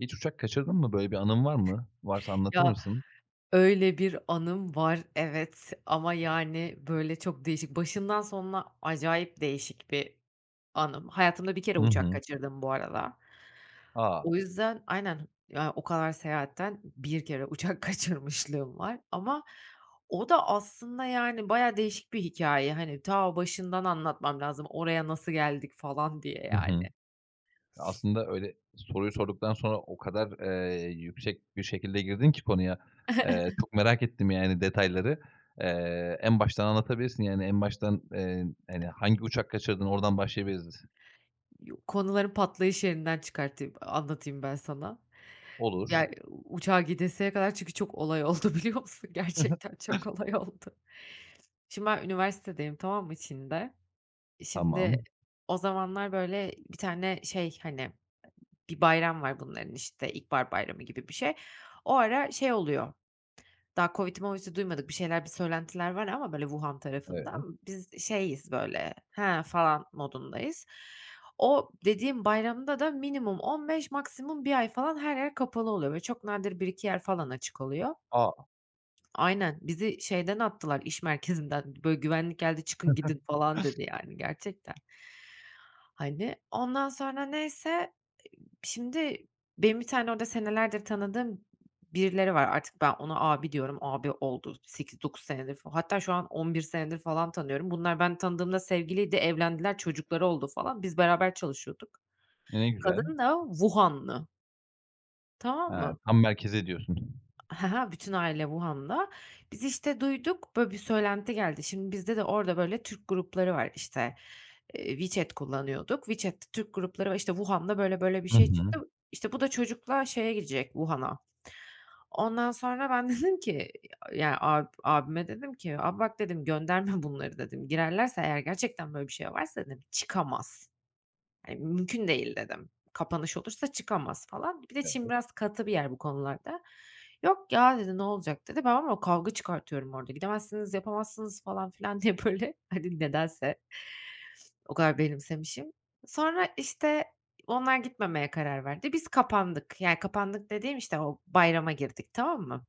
Hiç uçak kaçırdın mı? Böyle bir anın var mı? Varsa anlatır Ya, mısın? öyle bir anım var, evet. Ama yani, böyle, çok değişik. Başından sonuna acayip değişik bir anım. Hayatımda 1 kere Hı uçak hı. kaçırdım bu arada. A! O yüzden Aynen. Ya, o kadar seyahatten 1 kere uçak kaçırmışlığım var. Ama o da aslında, yani, bayağı değişik bir hikâye, hani. Ta başından anlatmam lazım oraya nasıl geldik falan diye, Hı hı. yani. Ya, aslında öyle soruyu sorduktan sonra o kadar, eee, yüksek bir şekilde girdin ki konuya, eee, çok merak ettim, yani, detayları. Eee, en baştan anlatabilirsin, yani, en baştan, eee, hani, hangi uçak kaçırdın, oradan başlayabiliriz. Konuların patlayış yerinden çıkartayım anlatayım ben sana. Olur. Ya, uçağa gidesiye kadar çünkü çok olay oldu, biliyor musun? Gerçekten çok olay oldu. Şimdi, ben üniversitedeyim, tamam mı Çin'de. Şimdi, Tamam. o zamanlar, böyle, bir tane şey, hani, bir bayram var bunların, işte, ilkbahar bayramı gibi bir şey. O ara şey oluyor, daha COVID'i movidi duymadık, bir şeyler, bir söylentiler var ama böyle, Wuhan tarafında. Evet. Biz, şeyiz, böyle, he, falan modundayız. O, dediğim bayramda da minimum 15 maksimum 1 ay falan her yer kapalı oluyor ve çok nadir 1-2 yer falan açık oluyor. A! Aynen. Bizi şeyden attılar, iş merkezinden, böyle, güvenlik geldi, "Çıkın gidin" falan, dedi, yani, gerçekten hani. Ondan sonra neyse, ııı, şimdi benim bir tane orada senelerdir tanıdığım birileri var. Artık ben, ona abi diyorum, abi oldu 8-9 senedir fal Hatta şu an 11 senedir falan tanıyorum. Bunlar ben tanıdığımda sevgiliydi, evlendiler, çocukları oldu falan. Biz, beraber çalışıyorduk. Ne güzel. Kadın da Wuhan'lı. Tamam Ha. mı? Tam merkeze diyorsun. Ha ha, bütün aile Wuhan'da. Biz işte duyduk, böyle bir söylenti geldi. Şimdi bizde de orada, böyle, Türk grupları var, işte, eee, WeChat kullanıyorduk. WeChat'te Türk grupları var, işte, Wuhan'da, böyle, böyle bir Hı şey hı. çıktı, işte, bu da çocukla şeye gidecek, Wuhan'a. Ondan sonra ben de dedim ki y ya ab abime dedim ki, abi bak dedim, gönderme bunları dedim, girerlerse eğer gerçekten böyle bir şey varsa, dedim, çıkamaz. [unintelligible] Mümkün değil dedim. Kapanış olursa çıkamaz falan. Bir de Çin Evet. biraz katı bir yer bu konularda. Yok ya, dedi, ne olacak, dedi. Ben ama kavga çıkartıyorum orada, gidemezsiniz, yapamazsınız falan filan diye böyle, hani, nedense o kadar benimsemişim. Sonra, işte, onlar gitmemeye karar verdi. Biz kapandık. Yani, kapandık dediğim, işte, o bayrama girdik tamam mı?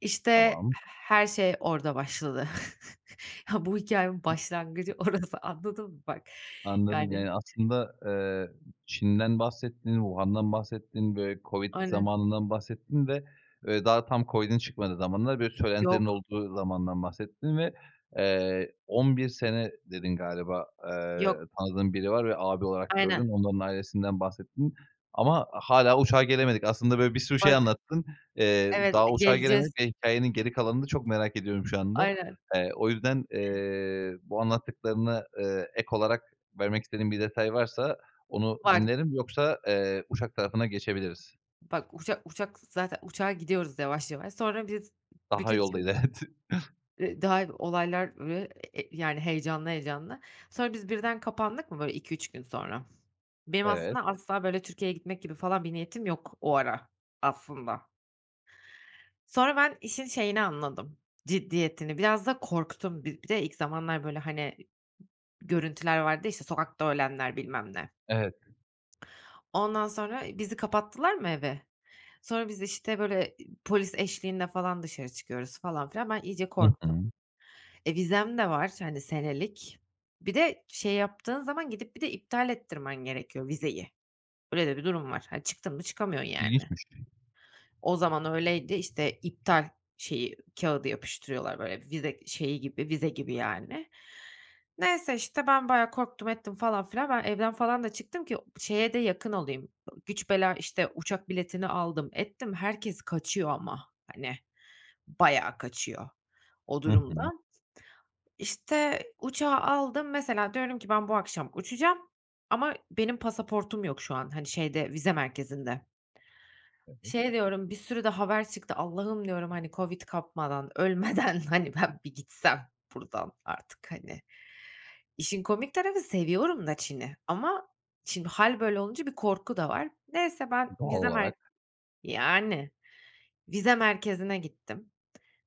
İşte Tamam. h her şey orada başladı. Ya, bu hikâyenin başlangıcı [unintelligible] orası anladın mı, bak? Anladım, Yani. yani aslında, eee, Çin'den bahsettin, Wuhan'dan bahsettin, böyle, COVID Aynen. zamanından bahsettin ve ve daha tam COVID'in çıkmadığı zamanlar böyle söylentilerin Yok. olduğu zamandan bahsettin ve, eee, 11 sene dedin galiba, eee, Yok. tanıdığın biri var ve abi olarak gördüğün. Aynen. Onun onun ailesinden bahsettin. Ama hâlâ uçağa gelemedik. Aslında böyle bir sürü şey Bak. anlattın, eee, Evet, daha uçağa geleceğiz. gelemedik ve hikâyenin geri kalanını çok merak ediyorum şu anda. Aynen. Eee, o yüzden, [unintelligible] eee, bu anlattıklarına, eee, ek olarak vermek istediğin bir detay varsa, onu Var. dinlerim. Yoksa, eee, uçak tarafına geçebiliriz. Bak, uçak uçak zaten uçağa gidiyoruz yavaş yavaş. Sonra biz Daha bütün Çin yoldayız, evet. Eee, [unintelligible] yani, heyecanlı, heyecanlı Sonra biz birden kapandık mı, böyle 2-3 gün sonra. Benim Evet. aslında asla, böyle, Türkiye'ye gitmek gibi falan bir niyetim yok o ara, aslında. Sonra ben işin şeyini anladım ciddiyetini, biraz da korktum. Bi bir de ilk zamanlar, böyle, hani, görüntüler vardı ya, işte, sokakta ölenler bilmem ne. Evet. Ondan sonra bizi kapattılar mı eve? Sonra biz işte böyle e polis eşliğinde falan dışarı çıkıyoruz falan filan. Ben iyice Hı korktum. hı. E, vizem de var, hani, senelik. Bir de şey yaptığın zaman gidip bir de iptal ettirmen gerekiyor vizeyi. Öyle de bir durum var. Hani, çıktın mı çıkamıyorsun, yani. İlginçmiş. O zaman öyleydi, işte, iptal şeyi, kağıdı yapıştırıyorlar, böyle, vize şeyi gibi, vize gibi, yani. Neyse, işte, ben bayağı korktum ettim falan filan. Ben evden falan da çıktım ki şeye de yakın olayım, güç bela, işte, uçak biletini aldım, ettim. Herkes kaçıyor ama, hani, bayağı kaçıyor o Hı hı. durumda. İşte, uçağı aldım. Mesela, diyorum ki ben bu akşam uçacağım ama benim pasaportum yok şu an, hani, şeyde, vize merkezinde. Evet. Şey diyorum, bir sürü de haber çıktı Allah'ım diyorum, hani, COVID kapmadan, ölmeden, hani, ben bir gitsem buradan artık, hani. İşin komik tarafı seviyorum da Çin'i ama şimdi hâl böyle olunca bir korku da var. Neyse ben Doğal vize merk olarak. yani, vize merkezine gittim.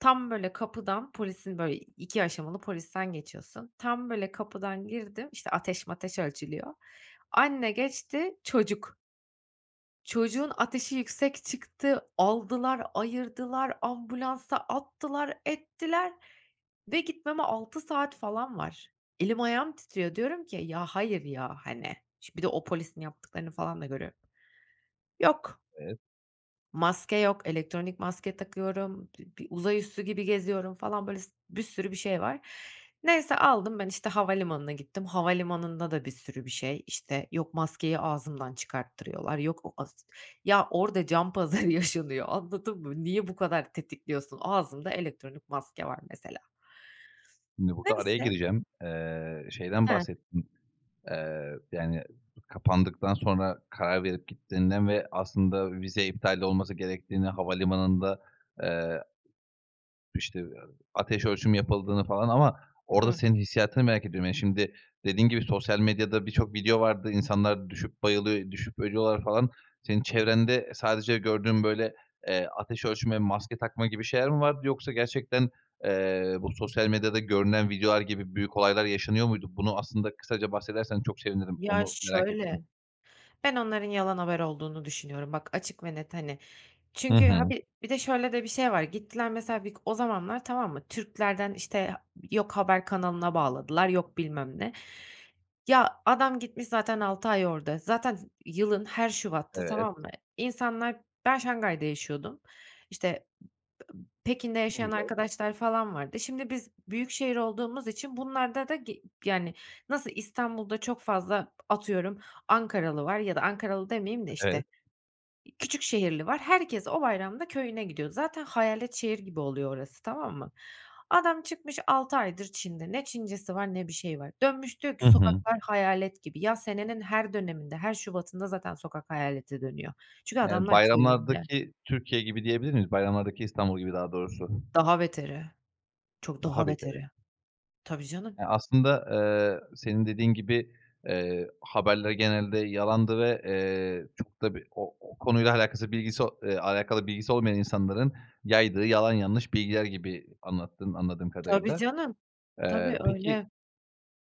Tam böyle kapıdan polisin, böyle, 2 aşamalı polisten geçiyorsun. Tam, böyle, kapıdan girdim, işte, ateş mateş ölçülüyor. Anne geçti. Çocuk Çocuğun ateşi yüksek çıktı, aldılar, ayırdılar, ambulansa attılar, ettiler ve gitmeme 6 saat falan var. Elim ayağım titriyor, diyorum ki, "Ya, hayır ya." hani, şimdi bir de o polisin yaptıklarını falan da görüyorum. Yok. Evet. Maske yok, elektronik maske takıyorum, bi bir uzay üssü gibi geziyorum falan, böyle, s bir sürü bir şey var. Neyse aldım ben, işte, havalimanına gittim, havalimanında da bir sürü bir şey, işte, yok maskeyi ağzımdan çıkarttırıyorlar, yok o as Ya orada can pazarı yaşanıyor, anladın mı? Niye bu kadar tetikliyorsun? Ağzımda elektronik maske var, mesela. Şimdi burada araya Neyse gireceğim. Eee, şeyden He. bahsettin, eee, yani kapandıktan sonra karar verip gittiğinden ve aslında vize iptali de olması gerektiğini, havalimanında, eee işte, ateş ölçüm yapıldığını falan ama orada Hımm. senin hissiyatını merak ediyorum. Yani, şimdi dediğin gibi sosyal medyada birçok video vardı, insanlar düşüp bayılıyor, düşüp ölüyorlar falan. Senin çevrende sadece gördüğün böyle, eee, ateş ölçme, maske takma gibi şeyler mi vardı yoksa gerçekten, eee, bu sosyal medyada görünen videolar gibi büyük olaylar yaşanıyor muydu? Bunu aslında kısaca bahsedersen çok sevinirim, Ya, onu merak ettim. şöyle, ben onların yalan haber olduğunu düşünüyorum, bak açık ve net, hani. Hı Çünkü ha hı. bi bir de şöyle de bir şey var, gittiler mesela vik o zamanlar, tamam mı? Türk'lerden, işte, ha yok haber kanalına bağladılar, yok bilmem ne. Ya, adam gitmiş zaten 6 ay orada, zaten z yılın her şubatta, Evet. tamam mı? İnsanlar, ben Şanghay'da yaşıyordum, işte, [unintelligible] Pekin'de Ne yaşayan güzel. arkadaşlar falan vardı. Şimdi biz büyükşehir olduğumuz için bunlarda da ge yani, nasıl İstanbul'da çok fazla, atıyorum, Ankaralı var ya da Ankaralı demeyeyim de işte, Evet. küçük şehirli var, herkes o bayramda köyüne gidiyor. Zaten hayalet şehir gibi oluyor orası, tamam mı? Adam çıkmış 6 aydır Çin'de, ne Çincesi var ne bir şeyi var. Dönmüş diyor ki, Hı hı. "Sokaklar hayalet gibi." Ya, senenin her döneminde, her şubatında zaten sokak hayalete dönüyor. Çünkü Yani, adamlar köyünde. bayramlardaki Türkiye gibi diyebilir miyiz? Bayramlardaki İstanbul gibi daha doğrusu. Daha beteri. Çok Daha daha beteri. beteri. Tabii canım. Eee, aslında, eee, senin dediğin gibi, eee, haberler genelde yalandı ve, eee, çok da bir o o konuyla alakası, bilgisi eee, alakalı bilgisi olmayan insanların yaydığı yalan yanlış bilgiler gibi anlattın, anladığım Tabii kadarıyla. canım, tabii Eee, peki, öyle.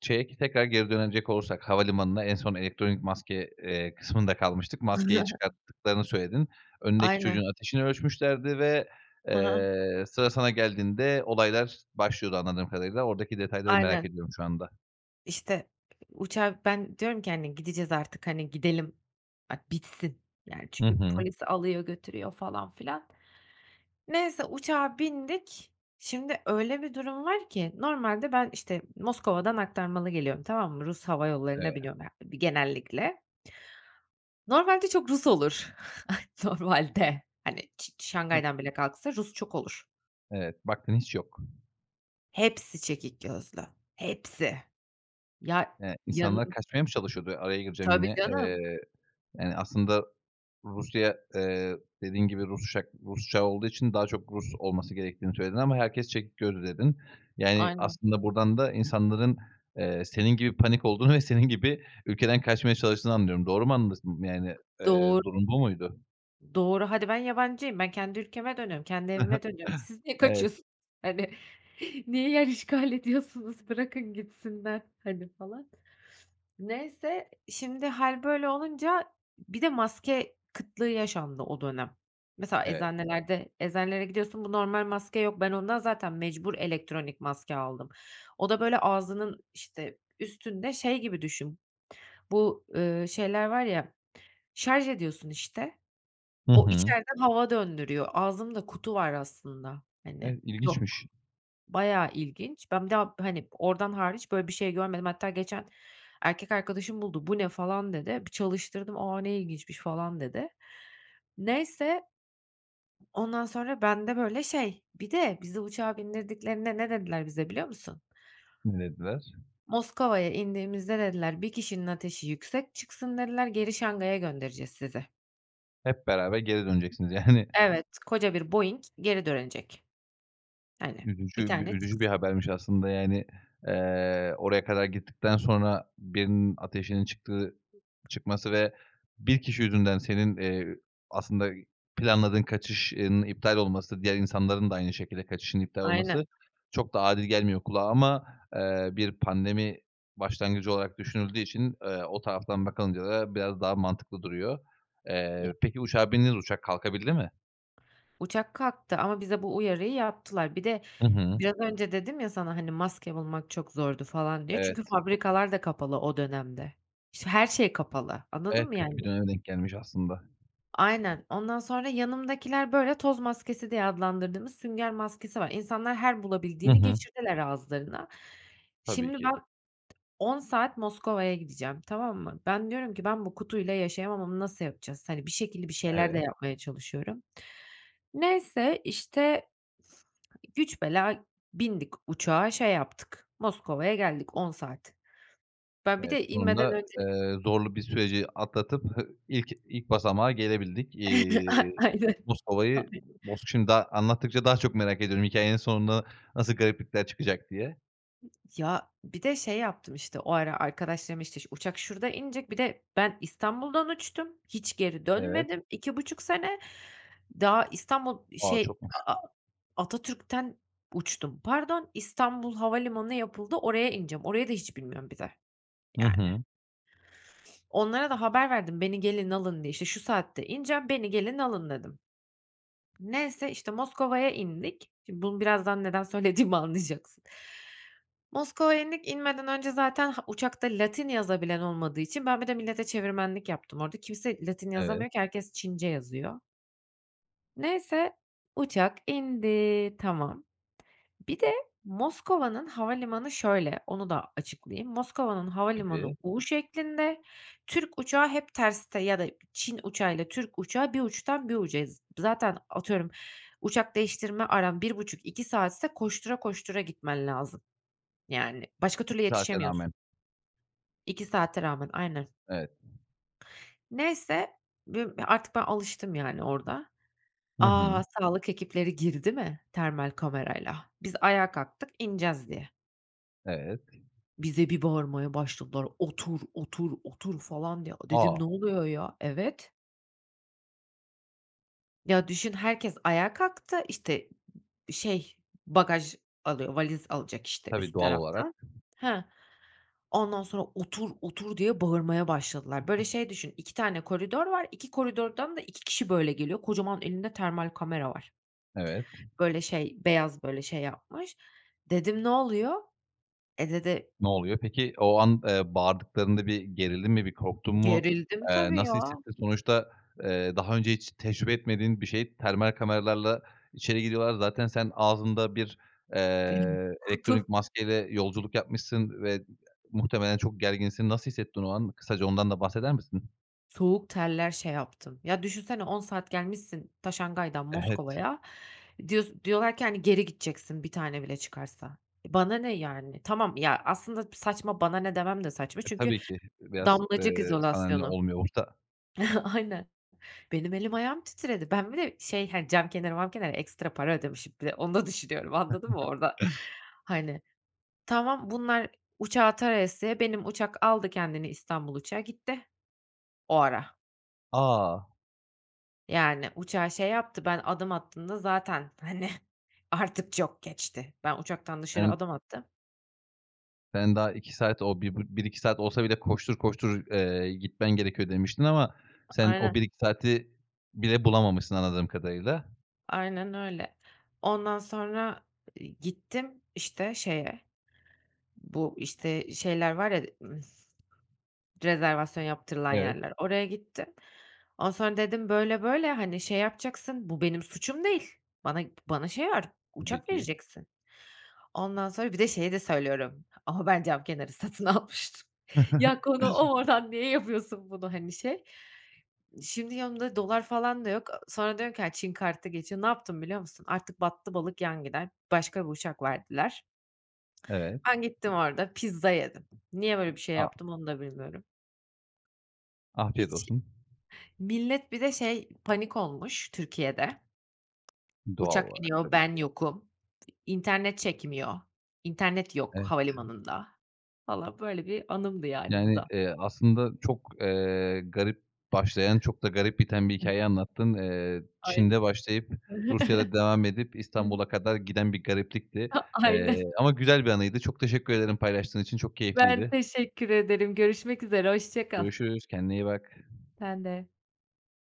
şeye ki tekrar geri dönecek olursak, havalimanına, en son elektronik maske, eee, kısmında kalmıştık. Maskeyi çıkarttıklarını söyledin. Önündeki Aynen. çocuğun ateşini ölçmüşlerdi ve, Hı hı. eee, sıra sana geldiğinde olaylar başlıyordu, anladığım kadarıyla. Oradaki detayları merak Aynen. ediyorum şu anda. İşte, uçağa Ben diyorum ki, "Hani, gideceğiz artık, hani, gidelim. Bak, bitsin." yani, Hı çünkü hı. polis alıyor, götürüyor falan filan. Neyse uçağa bindik, şimdi öyle bir durum var ki normalde ben, işte, Moskova'dan aktarmalı geliyorum, tamam mı? Rus hava yollarına Evet. biniyorum ya, bir genellikle. Normalde çok Rus olur. Normalde, hani, çi Hıh. Şangay'dan bile kalksa, Rus çok olur. Evet, baktın hiç yok. Hepsi çekik gözlü, hepsi. Ya, Eee, insanlar yanım kaçmaya mı çalışıyordu? Araya gireceğim Tabii yine. canım. Eee, yani, aslında Rusya, eee, dediğin gibi, Rus uçak Rus uçağı olduğu için daha çok Rus olması gerektiğini söyledin ama herkes çekik gözlü, dedin. Yani, Aynen. aslında buradan da insanların, eee, senin gibi panik olduğunu ve senin gibi ülkeden kaçmaya çalıştığını anlıyorum. Doğru mu anladım, yani, eee, Doğru. durum bu muydu? Doğru, hadi ben yabancıyım, ben kendi ülkeme dönüyorum, kendi evime dönüyorum. Siz niye Evet. kaçıyorsun? Hani, niye yer işgal ediyorsunuz? Bırakın gitsinler, hani, falan. Neyse, şimdi hâl böyle olunca bir de maske kıtlığı yaşandı o dönem. Mesela Evet. eczanelerde eczanelere gidiyorsun, bu normal maske yok, ben ondan zaten mecbur elektronik maske aldım. O da, böyle, ağzının, işte, üstünde şey gibi düşün, bu, eee, şeyler var ya Şarj ediyorsun, işte, Hı o hı. içeriden hava döndürüyor. Ağzında kutu var aslında, hani. E, Yok. ilginçmiş. Bayağı ilginç. Ben bir daha, hani, oradan hariç böyle bir şey görmedim. Hatta geçen erkek arkadaşım buldu, "Bu ne?" falan dedi. Bir çalıştırdım, "A! Ne ilginçmiş." falan dedi. Neyse ondan sonra bende, böyle, şey Bir de bizi uçağa bindirdiklerinde ne dediler bize biliyor musun? Ne dediler? "Moskova'ya indiğimizde" dediler, "...1 kişinin ateşi yüksek çıksın" dediler, "...geri Şangay'a göndereceğiz sizi." Hep beraber geri döneceksiniz, yani. Evet, koca bir Boeing geri dönecek. Hani, 1 Üzücü bi tane üzücü bir çıksın. habermiş aslında, yani, eee, oraya kadar gittikten sonra birinin ateşinin çıktığı çıkması ve 1 kişi yüzünden senin, eee, aslında planladığın kaçışın iptal olması, diğer insanların da aynı şekilde kaçışının iptal olması, Aynen. çok da adil gelmiyor kulağa ama, eee, bir pandemi başlangıcı olarak düşünüldüğü için, eee, o taraftan bakılınca da biraz daha mantıklı duruyor. Eee, Ya peki uçağa bindiniz, uçak kalkabildi mi? Uçak kalktı ama bize bu uyarıyı yaptılar. Bir de Hı hı. biraz önce dedim ya sana, hani, maske bulmak çok zordu falan diye Evet. çünkü fabrikalar da kapalı o dönemde. İşte, her şey kapalı, anladın Evet, mı, kötü bir yani? döneme denk gelmiş aslında. Aynen. Ondan sonra yanımdakiler böyle toz maskesi diye adlandırdığımız sünger maskesi var. İnsanlar, her Hı bulabildiğini hı. geçirdiler ağızlarına. Tabii Şimdi ben ki. 10 saat Moskova'ya gideceğim, tamam mı? Ben diyorum ki, "Ben, bu kutuyla yaşayamam ama nasıl yapacağız?" Hani, bir şekilde bir şeyler de Evet. yapmaya çalışıyorum. Neyse, işte, güç bela bindik uçağa, şey yaptık, Moskova'ya geldik, 10 saat Ben, bir Evet. de inmeden Sonunda, önce eee, zorlu bir süreci atlatıp ilk ilk basamağa gelebildik. Eee, A aynen. Moskova'yı Ay Mos şimdi daha anlattıkça daha çok merak ediyorum hikâyenin sonunda nasıl gariplikler çıkacak diye. Ya, bir de şey yaptım, işte, o ara arkadaşlarım, işte, şu uçak şurada inecek, bir de ben, İstanbul'dan uçtum, hiç geri Evet. dönmedim 2.5 sene. Daha İstanbul, A! şey, Çokmuş. A A Atatürk'ten uçtum. Pardon, İstanbul Havalimanı yapıldı, oraya ineceğim. Orayı da hiç bilmiyorum bir de, Hı yani. hı. Onlara da haber verdim, "Beni gelin, alın." diye, işte, "Şu saatte ineceğim, beni gelin, alın." dedim. Neyse, işte, Moskova'ya indik. Şimdi bunu, birazdan neden söylediğimi anlayacaksın. Moskova'ya indik, inmeden önce zaten Ha, uçakta Latin yazabilen olmadığı için ben bir de millete çevirmenlik yaptım orada, kimse Latin Evet. yazamıyor ki herkes Çince yazıyor. Neyse, uçak indi, tamam. Bir de Moskova'nın havalimanı şöyle, onu da açıklayayım. Moskova'nın havalimanı Tabii. U şeklinde. Türk uçağı hep terste ya da Çin uçağıyla Türk uçağı bir uçtan bir ucayız. Zaten atıyorum, uçak değiştirme aran 1,5-2 saatse koştura koştura gitmen lazım. Yani, başka türlü 2 saate yetişemiyorsun. rağmen. 2 saate rağmen, aynen. Evet. Neyse, bü ya artık ben alıştım, yani, orada. Hı hı. A, sağlık ekipleri girdi mi termal kamerayla? Biz, ayağa kalktık ineceğiz, diye. Evet. Bize bir bağırmaya başladılar, "Otur, otur, otur!" falan diye. Dedim, A! ne oluyor, ya? Evet. Ya, düşün herkes ayağa kalktı. İşte, şey, bagaj alıyor, valiz alacak, işte, Tabii, üst doğal olarak. taraftan. Hıh. Ondan sonra, "Otur, otur!" diye bağırmaya başladılar. Böyle şey düşün, 2 tane koridor var, 2 koridordan da 2 kişi böyle geliyor, kocaman elinde termal kamera var. Evet. Böyle şey, beyaz, böyle, şey yapmış. Dedim, ne oluyor? E, dedi Ne oluyor peki? O an, eee, bağırdıklarında bir gerildin mi, bir korktun mu? Gerildim Eee, tabii, nasıl ya. hissettin? Sonuçta, eee, daha önce hiç tecrübe etmediğin bir şey, termal kameralarla içeri giriyorlar. Zaten sen, ağzında bir, eee, Kutu. elektronik maskeyle yolculuk yapmışsın ve muhtemelen çok gerginsin. Nasıl hissettin o an? Kısaca ondan da bahseder misin? Soğuk terler şey yaptım. Ya, düşünsene 10 saat gelmişsin ta Şanghay'dan Evet. Moskova'ya, diyos diyorlar ki, hani, geri gideceksin 1 tane bile çıkarsa. E, bana ne yani? Tamam ya, aslında pı saçma "bana ne" demem de saçma E, çünkü tabii ki. E, biraz, damlacık eee, "Sana ne!" izolasyonu. olmuyor orada. Aynen. Benim elim ayağım titredi. Ben bir de şey, hani, cam kenarı mam kenarı ekstra para ödemişim bir de onu da düşünüyorum anladın mı orada, hani. Tamam, bunlar uçağı tarayasıya benim uçak aldı kendini İstanbul uçağı gitti o ara. A! Yani uçağı şey yaptı, ben adım attığımda zaten, hani, artık çok geçti. Ben uçaktan dışarı [unintelligible] adım attım Sen daha 2 saat o, bir bir 2 saat olsa bile koştur koştur, eee, gitmen gerekiyor demiştin ama A sen o aynen. 1-2 saati bile bulamamışsın anladığım kadarıyla. Aynen öyle. Ondan sonra, iii, gittim, işte, şeye, bu, işte, şeyler var ya, ımm, rezervasyon yaptırılan Evet. yerler, oraya gittim. Ondan sonra dedim, "Böyle, böyle, hani şey yapacaksın, bu benim suçum değil. Bana p bana şey var, Tabii uçak ki. vereceksin." Ondan sonra bir de şeyi de söylüyorum, "Ama ben cam kenarı satın almıştım." Ya, konu o mu? Oradan niye yapıyorsun bunu, hani, şey. Şimdi yanımda dolar falan da yok. sonra diyorum ki, "Ya, Çin kartı da geçiyor." Ne yaptım biliyor musun? Artık battı balık yan gider, başka bir uçak verdiler. Evet. Ben gittim orada, pizza yedim. Niye böyle bir şey A! yaptım, onu da bilmiyorum. Afiyet Hiç olsun. millet bir de şey panik olmuş Türkiye'de. Doğal Uçak olarak, iniyor, tabii ben ki. yokum. İnternet çekmiyor, internet yok Evet. havalimanında. Valla böyle bir anımdı, yani, bu Yani, da. eee, aslında çok, eee, garip başlayan, çok da garip biten bir hikâye anlattın. Eee, Çin'de Aynen. başlayıp, Rusya'da devam edip, [unintelligible] İstanbul'a kadar giden bir gariplikti, A eee, aynen. ama güzel bir anıydı, çok teşekkür ederim paylaştığın için, çok Ben keyifliydi. teşekkür ederim. Görüşmek üzere, hoşça kal. Görüşürüz. Kendine iyi bak. Sen de.